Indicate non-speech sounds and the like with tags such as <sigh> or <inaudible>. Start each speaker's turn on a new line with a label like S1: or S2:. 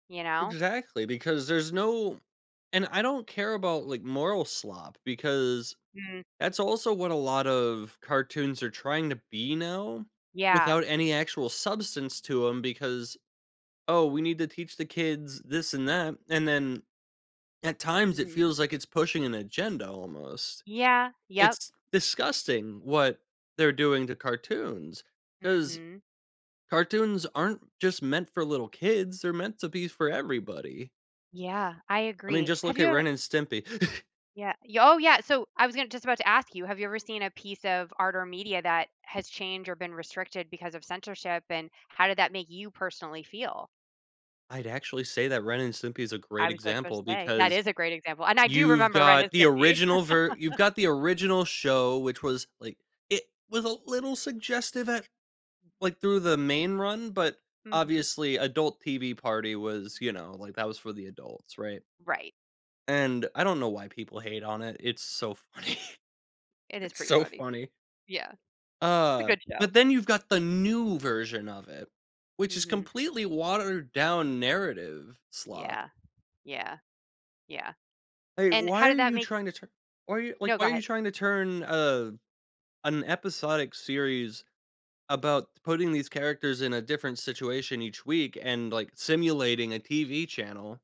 S1: You know?
S2: Exactly, because there's no and I don't care about, like, moral slop, because
S1: Mm.
S2: that's also what a lot of cartoons are trying to be now
S1: Yeah.
S2: without any actual substance to 'em, because "Oh, we need to teach the kids this and that." And then, at times, it
S1: Mhm.
S2: feels like it's pushing an agenda almost.
S1: Yeah, yep.
S2: It's disgusting what they're doing to cartoons, 'cause
S1: Mhm.
S2: cartoons aren't just meant for little kids, they're meant to be for everybody.
S1: Yeah, I
S2: I mean,
S1: agree.
S2: just
S1: Have
S2: look at
S1: you ev
S2: Ren& Stimpy. <chuckles>
S1: Yeah. Y Oh, yeah, so, I was gonna just about to ask you, have you ever seen a piece of art or media that has changed or been restricted because of censorship, and how did that make you personally feel?
S2: I'd actually say that Ren& Simpy is a
S1: I
S2: great
S1: was just about to
S2: example
S1: say, that
S2: because
S1: is a great example, and I do
S2: you've
S1: remember Ren&
S2: got the
S1: Stimpy.
S2: original ver you've
S1: <laughs>
S2: got the original show, which was, like it was a little suggestive at l like, through the main run, but
S1: Mhm.
S2: obviously, adult TV party was, you know, like, that was for the adults, right
S1: Right.
S2: and I don't know why people hate on it, it's so funny.
S1: It is
S2: It's
S1: pretty
S2: so
S1: funny.
S2: funny.
S1: Yeah. It's a
S2: Uh,
S1: good show.
S2: but then you've got the new version of it, which is
S1: Mhm.
S2: completely watered down narrative slop.
S1: Yeah. Yeah. Yeah.
S2: Like,
S1: And
S2: why
S1: how
S2: are
S1: did that
S2: you
S1: make
S2: trying to tu why are y like,
S1: No, go
S2: why are you
S1: ahead.
S2: trying to turn a an episodic series about putting these characters in a different situation each week and, like, simulating a TV channel